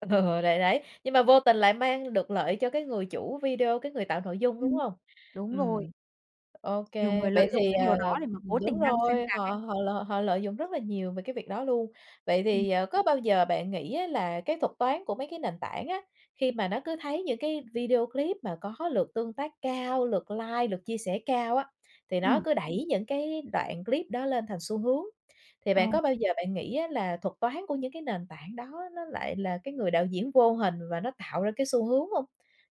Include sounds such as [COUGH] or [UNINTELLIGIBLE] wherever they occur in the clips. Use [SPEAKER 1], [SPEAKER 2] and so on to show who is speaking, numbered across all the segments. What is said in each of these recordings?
[SPEAKER 1] Ờ, ờ, đấy, đấy, nhưng mà vô tình lại mang được lợi cho cái người chủ video, cái người tạo nội dung, đúng
[SPEAKER 2] Ừm,
[SPEAKER 1] hông?
[SPEAKER 2] đúng rồi.
[SPEAKER 1] Ừm. OK,
[SPEAKER 2] Nhiều người
[SPEAKER 1] vậy
[SPEAKER 2] lợi dụng
[SPEAKER 1] thì,
[SPEAKER 2] cái điều
[SPEAKER 1] ờ
[SPEAKER 2] đó để mà
[SPEAKER 1] ừm,
[SPEAKER 2] cố
[SPEAKER 1] đúng
[SPEAKER 2] tình đăng xuyên
[SPEAKER 1] rồi,
[SPEAKER 2] tạc ấy.
[SPEAKER 1] họ họ l họ lợi dụng rất là nhiều về cái việc đó luôn. Vậy
[SPEAKER 2] Ừm.
[SPEAKER 1] thì, ờ, có bao giờ bạn nghĩ á là cái thuật toán của mấy cái nền tảng á, khi mà nó cứ thấy những cái video clip mà có lượt tương tác cao, lượt like, lượt chia sẻ cao á, thì nó
[SPEAKER 2] Ừm.
[SPEAKER 1] cứ đẩy những cái đoạn clip đó lên thành xu hướng. Thì
[SPEAKER 2] Ờ.
[SPEAKER 1] bạn có bao giờ bạn nghĩ á là thuật toán của những cái nền tảng đó nó lại là cái người đạo diễn vô hình, và nó tạo ra cái xu hướng hông?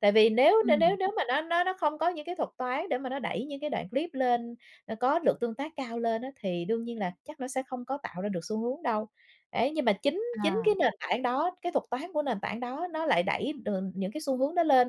[SPEAKER 1] Tại vì nếu nếu nếu
[SPEAKER 2] Ừm.
[SPEAKER 1] nếu mà nó nó nó không có những cái thuật toán để mà nó đẩy những cái đoạn clip lên, nó có lượt tương tác cao lên á, thì đương nhiên là chắc nó sẽ không có tạo ra được xu hướng đâu. Ấy, nhưng mà chính chính
[SPEAKER 2] À.
[SPEAKER 1] cái nền tảng đó, cái thuật toán của nền tảng đó nó lại đẩy, ờ, những cái xu hướng đó lên,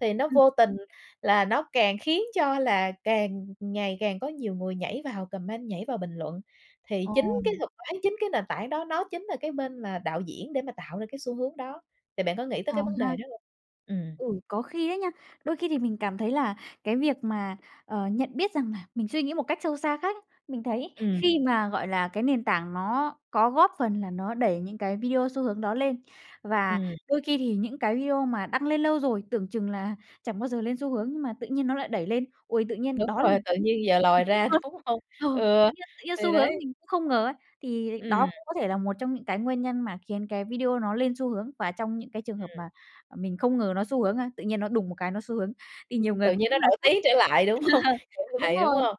[SPEAKER 1] thì nó
[SPEAKER 2] Ừm.
[SPEAKER 1] vô tình là nó càng khiến cho là càng ngày càng có nhiều người nhảy vào comment, nhảy vào bình luận. Thì chính cái
[SPEAKER 2] Ồ.
[SPEAKER 1] thuật toán, chính cái nền tảng đó nó chính là cái bên mà đạo diễn để mà tạo ra cái xu hướng đó. Thì bạn có nghĩ tới
[SPEAKER 2] Ờ
[SPEAKER 1] cái vấn đề
[SPEAKER 2] ha.
[SPEAKER 1] đó hông? Ừm.
[SPEAKER 2] Ừ, có khi ấy nha. Đôi khi thì mình cảm thấy là cái việc mà, ờ, nhận biết rằng là mình suy nghĩ một cách sâu xa khác ấy. Mình thấy
[SPEAKER 1] Ừm.
[SPEAKER 2] khi mà, gọi là, cái nền tảng nó có góp phần là nó đẩy những cái video xu hướng đó lên. Và
[SPEAKER 1] Ừm.
[SPEAKER 2] đôi khi thì những cái video mà đăng lên lâu rồi, tưởng chừng là chẳng bao giờ lên xu hướng nhưng mà tự nhiên nó lại đẩy lên. Ôi, tự nhiên
[SPEAKER 1] Đúng
[SPEAKER 2] đó là
[SPEAKER 1] rồi,
[SPEAKER 2] một
[SPEAKER 1] tự
[SPEAKER 2] cái
[SPEAKER 1] nhiên giờ lòi
[SPEAKER 2] mình tích
[SPEAKER 1] ra,
[SPEAKER 2] cực.
[SPEAKER 1] đúng hông?
[SPEAKER 2] Ờ,
[SPEAKER 1] Ừ,
[SPEAKER 2] tự nhiên tự nhiên
[SPEAKER 1] thì
[SPEAKER 2] xu hướng
[SPEAKER 1] đấy.
[SPEAKER 2] mình cũng không ngờ ấy, thì đó
[SPEAKER 1] Ừm.
[SPEAKER 2] cũng có thể là một trong những cái nguyên nhân mà khiến cái video nó lên xu hướng, và trong những cái trường hợp mà,
[SPEAKER 1] Ừm.
[SPEAKER 2] à, mình không ngờ nó xu hướng, a, tự nhiên nó đùng một cái nó xu hướng. Thì nhiều
[SPEAKER 1] Ừm,
[SPEAKER 2] người
[SPEAKER 1] tự
[SPEAKER 2] cũng
[SPEAKER 1] nhiên nó
[SPEAKER 2] là
[SPEAKER 1] nổi
[SPEAKER 2] sốc.
[SPEAKER 1] tiếng trở lại, đúng không?
[SPEAKER 2] [LAUGHS]
[SPEAKER 1] Trở
[SPEAKER 2] Đúng
[SPEAKER 1] lại, đúng
[SPEAKER 2] rồi.
[SPEAKER 1] hông?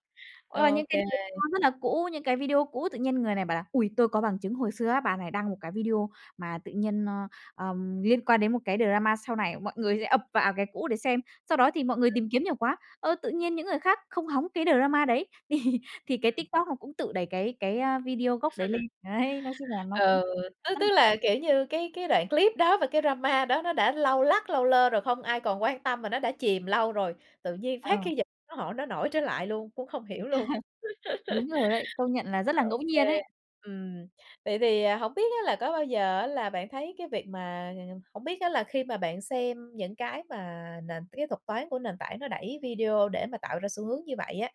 [SPEAKER 2] Hoặc là những
[SPEAKER 1] OK.
[SPEAKER 2] cái drama rất là cũ, những cái video cũ, tự nhiên người này bảo là: "Ôi, tôi có bằng chứng hồi xưa á, bà này đăng một cái video mà tự nhiên, ơ, ờm, liên quan đến một cái drama sau này". Mọi người sẽ ập vào cái cũ để xem, sau đó thì mọi người tìm kiếm nhiều quá, ơ, tự nhiên những người khác không hóng cái drama đấy, thì thì cái
[SPEAKER 1] Ừm.
[SPEAKER 2] TikTok nó cũng tự đẩy cái cái, a, video gốc đấy lên.
[SPEAKER 1] [LAUGHS]
[SPEAKER 2] Đấy, nói chung là nó cũng
[SPEAKER 1] Ừ, tức tức
[SPEAKER 2] [UNINTELLIGIBLE]
[SPEAKER 1] là, kiểu như, cái cái đoạn clip đó và cái drama đó nó đã lâu lắc lâu lơ rồi, không ai còn quan tâm, mà nó đã chìm lâu rồi. Tự nhiên phát
[SPEAKER 2] Ờ
[SPEAKER 1] cái dịch nó hỏi nó nổi trở lại luôn, cũng không hiểu luôn.
[SPEAKER 2] [LAUGHS] Đúng rồi đấy, công nhận là rất là ngẫu
[SPEAKER 1] [LAUGHS] OK,
[SPEAKER 2] nhiên ấy.
[SPEAKER 1] ừm, vậy thì, à, hổng biết á, là có bao giờ á là bạn thấy cái việc mà hổng biết á, là khi mà bạn xem những cái mà nền cái thuật toán của nền tảng nó đẩy video để mà tạo ra xu hướng như vậy á,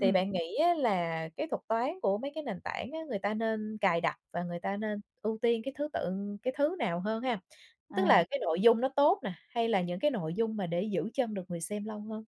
[SPEAKER 1] thì bạn nghĩ á là cái thuật toán của mấy cái nền tảng á, người ta nên cài đặt và người ta nên ưu tiên cái thứ tự cái thứ nào hơn ha? Tức
[SPEAKER 2] À.
[SPEAKER 1] là cái nội dung nó tốt nè, hay là những cái nội dung mà để giữ chân được người xem lâu hơn?